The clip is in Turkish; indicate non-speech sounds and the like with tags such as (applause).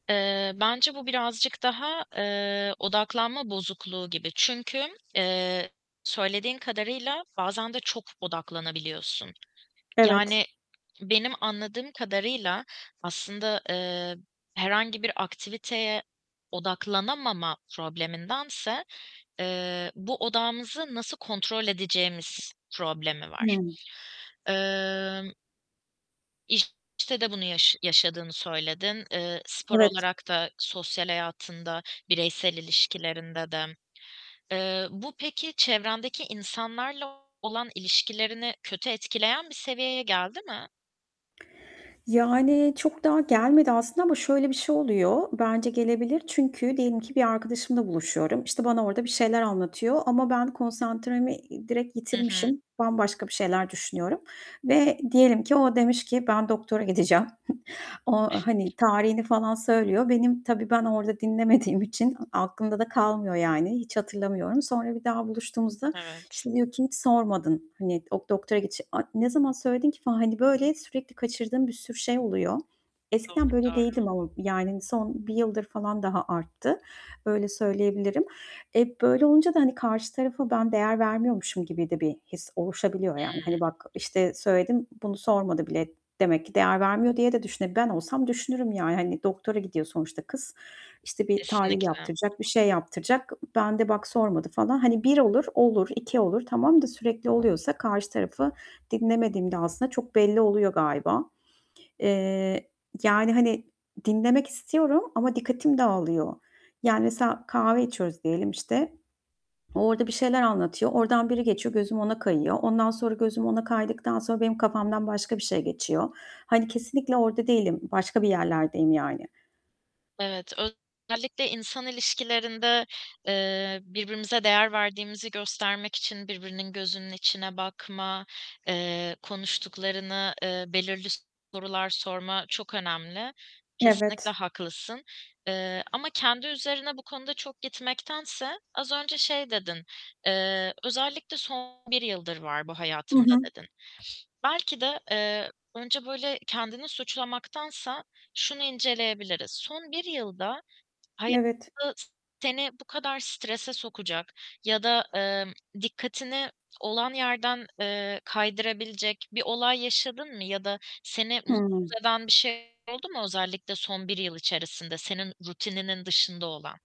Eee, bence bu birazcık daha, ııı, odaklanma bozukluğu gibi. Çünkü, eee, söylediğin kadarıyla bazen de çok odaklanabiliyorsun. Evet. Yani benim anladığım kadarıyla aslında, eee, herhangi bir aktiviteye odaklanamama problemindense, eee, bu odağımızı nasıl kontrol edeceğimiz problemi var. Hıı. Imm İşte de bunu yaş yaşadığını söyledin, ııı, spor Evet. olarak da sosyal hayatında, bireysel ilişkilerinde de. Iıı, bu peki çevrendeki insanlarla olan ilişkilerini kötü etkileyen bir seviyeye geldi mi? Yani, çok daha gelmedi aslında ama şöyle bir şey oluyor. Bence gelebilir çünkü diyelim ki bir arkadaşımla buluşuyorum. İşte, bana orada bir şeyler anlatıyor ama ben konsantremi, iii, direkt Hı hı. yitirmişim, bambaşka bir şeyler düşünüyorum. Ve diyelim ki o demiş ki: "Ben doktora gideceğim." (chuckles) O, hani, tarihini falan söylüyor. Benim tabii, ben orada dinlemediğim için aklımda da kalmıyor yani, hiç hatırlamıyorum. Sonra bir daha buluştuğumuzda, Evet. işte, diyor ki: "Hiç sormadın, hani, ok doktora gitçe" "A! ne zaman söyledin ki?" falan, hani, böyle, sürekli kaçırdığım bir sürü şey oluyor. Doğru, Eskiden böyle doğru. değildim ama, yani, son 1 yıldır falan daha arttı. Öyle söyleyebilirim. E, böyle olunca da, hani, karşı tarafa ben değer vermiyormuşum gibi de bir his oluşabiliyor. Yani, Hıı. hani, bak, "İşte, söyledim, bunu sormadı bile. Demek ki değer vermiyor." diye de düşüne ben olsam düşünürüm yani, hani, doktora gidiyor sonuçta kız. İşte, bir tahlil Kesinlikle. yaptıracak, bir şey yaptıracak. Ben de bak sormadı falan. Hani, 1 olur; olur, 2 olur, tamam da sürekli oluyorsa karşı tarafı dinlemediğim de aslında çok belli oluyor galiba. Eee, yani, hani, dinlemek istiyorum ama dikkatim dağılıyor. Yani, mesela kahve içiyoruz diyelim işte. O orada bir şeyler anlatıyor. Oradan biri geçiyor, gözüm ona kayıyor. Ondan sonra, gözüm ona kaydıktan sonra benim kafamdan başka bir şey geçiyor. Hani, kesinlikle orada değilim, başka bir yerlerdeyim yani. Evet, özellikle insan ilişkilerinde, eee, birbirimize değer verdiğimizi göstermek için birbirinin gözünün içine bakma, eee, konuştuklarını ııı, belirli sorular sorma çok önemli. Kesinlikle Evet. haklısın. Iıı, ama kendi üzerine bu konuda çok gitmektense, az önce şey dedin, eee, "Özellikle son 1 yıldır var bu I hayatımda." hı. dedin. Belki de, eee, önce, böyle, kendini suçlamaktansa şunu inceleyebiliriz: Son 1 yılda Evet. hayatı, seni bu kadar strese sokacak ya da, ımm, dikkatini olan yerden, eee, kaydırabilecek bir olay yaşadın mı ya da seni mutsuz Hıı. eden bir şeyler oldu mu, özellikle son 1 yıl içerisinde senin rutininin dışında olan?